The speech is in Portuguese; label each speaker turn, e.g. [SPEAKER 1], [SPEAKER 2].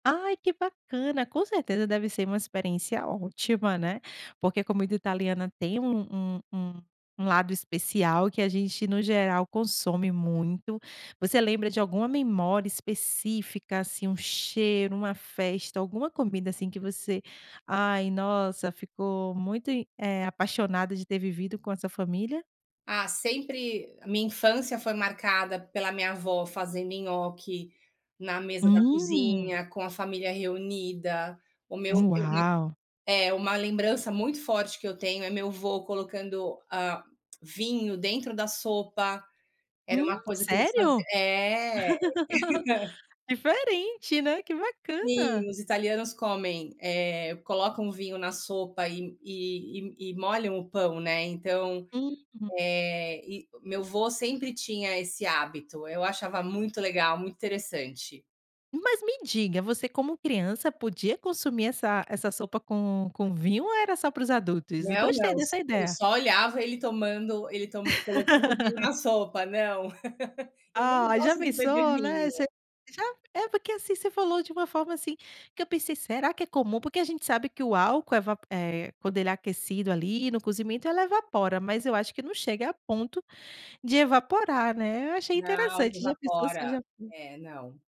[SPEAKER 1] Ai, que bacana! Com certeza deve ser uma experiência ótima, né. Porque comida italiana tem um um um um lado especial que a gente, no geral, consome muito. Você lembra de alguma memória específica, assim, um cheiro, uma festa, alguma comida, assim, que você ai, nossa, ficou muito im eh, apaixonada de ter vivido com a sua família?
[SPEAKER 2] Ah, sempre a minha infância foi marcada pela minha avó fazendo nhoque na mesa da
[SPEAKER 1] Hum!
[SPEAKER 2] cozinha, com a família reunida, o meu [unintelligible]
[SPEAKER 1] Uau!
[SPEAKER 2] é, uma lembrança muito forte que eu tenho é meu vô colocando, hã, vinho dentro da sopa. Era uma
[SPEAKER 1] Hum,
[SPEAKER 2] coisa que eles fazia
[SPEAKER 1] sério?
[SPEAKER 2] é!
[SPEAKER 1] Diferente, né. Que bacana!
[SPEAKER 2] Sim, os italianos comem, eh, colocam vinho na sopa e e e e molham o pão, né, então,
[SPEAKER 1] Uhum.
[SPEAKER 2] eh, e meu vô sempre tinha esse hábito. Eu achava muito legal, muito interessante.
[SPEAKER 1] Mas, me diga. Você, como criança podia consumir essa essa sopa com com vinho ou era só para os adultos?
[SPEAKER 2] Não,
[SPEAKER 1] Gostei
[SPEAKER 2] não. S
[SPEAKER 1] dessa
[SPEAKER 2] eu s
[SPEAKER 1] ideia.
[SPEAKER 2] só olhava ele tomando, ele toman colocando vinho na sopa. Não, eu nem
[SPEAKER 1] Ah, já
[SPEAKER 2] gosto de beber
[SPEAKER 1] pensou né,
[SPEAKER 2] vinho.
[SPEAKER 1] você já? É, porque, assim, você falou de uma forma, assim, que eu pensei: "Será que é comum?" Porque a gente sabe que o álcool eva eh, quando ele é aquecido, ali, no cozimento, ela evapora mas eu acho que não chega a ponto de evaporar, né, eu achei
[SPEAKER 2] Não,
[SPEAKER 1] interessante. Já pensou se
[SPEAKER 2] evapora.
[SPEAKER 1] já
[SPEAKER 2] É, não.